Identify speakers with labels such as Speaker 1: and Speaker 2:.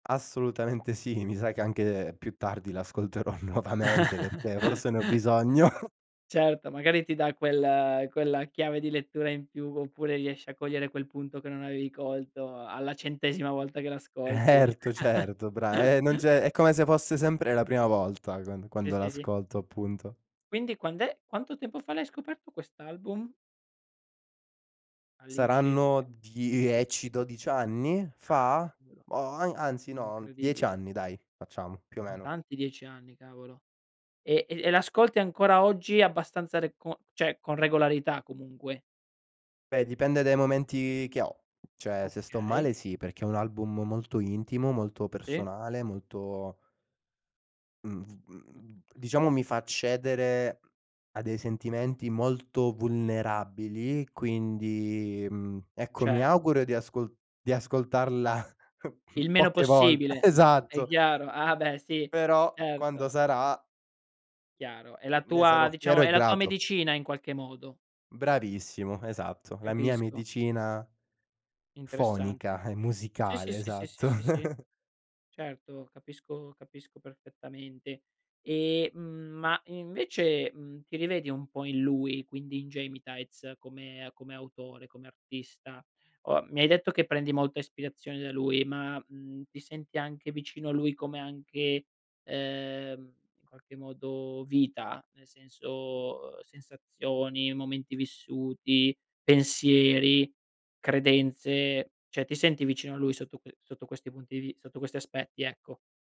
Speaker 1: Assolutamente sì, mi sa che anche più tardi l'ascolterò nuovamente perché forse ne ho bisogno.
Speaker 2: Certo, magari ti dà quel quella chiave di lettura in più, oppure riesci a cogliere quel punto che non avevi colto alla centesima volta che l'ascolti.
Speaker 1: Certo, certo, bra eh non c'è è come se fosse sempre la prima volta, quand
Speaker 2: Sì,
Speaker 1: quando
Speaker 2: sì, sì.
Speaker 1: l'ascolto, appunto.
Speaker 2: Quindi quand'è quanto tempo fa l'hai scoperto quest'album? All'incirca
Speaker 1: Saranno 10-12 anni
Speaker 2: Ah
Speaker 1: fa?
Speaker 2: cavolo.
Speaker 1: Oh ai anzi no, 10
Speaker 2: Incredibile.
Speaker 1: anni dai, facciamo, più o
Speaker 2: Son
Speaker 1: meno.
Speaker 2: tanti 10 anni, cavolo. E e e l'ascolti ancora oggi abbastanza re con cioè con regolarità comunque?
Speaker 1: Beh, dipende dai momenti che ho, cioè se sto
Speaker 2: Okay.
Speaker 1: male sì, perché è un album molto intimo, molto
Speaker 2: Sì.
Speaker 1: personale, molto Mhmm, v
Speaker 2: Mh.
Speaker 1: mhmm,
Speaker 2: Mh-mh
Speaker 1: diciamo
Speaker 2: mh.
Speaker 1: mi fa accedere a dei sentimenti molto vulnerabili, quindi, mhmm, ecco mi
Speaker 2: Certo.
Speaker 1: auguro di ascol di ascoltarla
Speaker 2: Il meno
Speaker 1: poche volt
Speaker 2: possibile, è
Speaker 1: esatto.
Speaker 2: chiaro, ah, beh sì,
Speaker 1: Però, quando
Speaker 2: certo.
Speaker 1: sarà
Speaker 2: Chiaro. È la
Speaker 1: ne
Speaker 2: tua,
Speaker 1: sarò fiero
Speaker 2: diciamo,
Speaker 1: e
Speaker 2: è la tua
Speaker 1: grato.
Speaker 2: medicina in qualche modo.
Speaker 1: Bravissimo, esatto. La mia
Speaker 2: Capisco.
Speaker 1: medicina
Speaker 2: Interessante.
Speaker 1: fonica e
Speaker 2: Sì, sì,
Speaker 1: musicale,
Speaker 2: sì, sì, sì,
Speaker 1: esatto.
Speaker 2: sì, sì. Certo, capisco capisco perfettamente. E, mhmm, ma invece, mhmm, ti rivedi un po' in lui, quindi in Gemitaiz, come come autore, come artista? O mi hai detto che prendi molta ispirazione da lui, ma, mhmm, ti senti anche vicino a lui come anche, ehm, in qualche modo vita? Nel senso, uhm, sensazioni, momenti vissuti, pensieri, credenze, cioè ti senti vicino a lui sotto que sotto questi punti di vi sotto questi aspetti, ecco?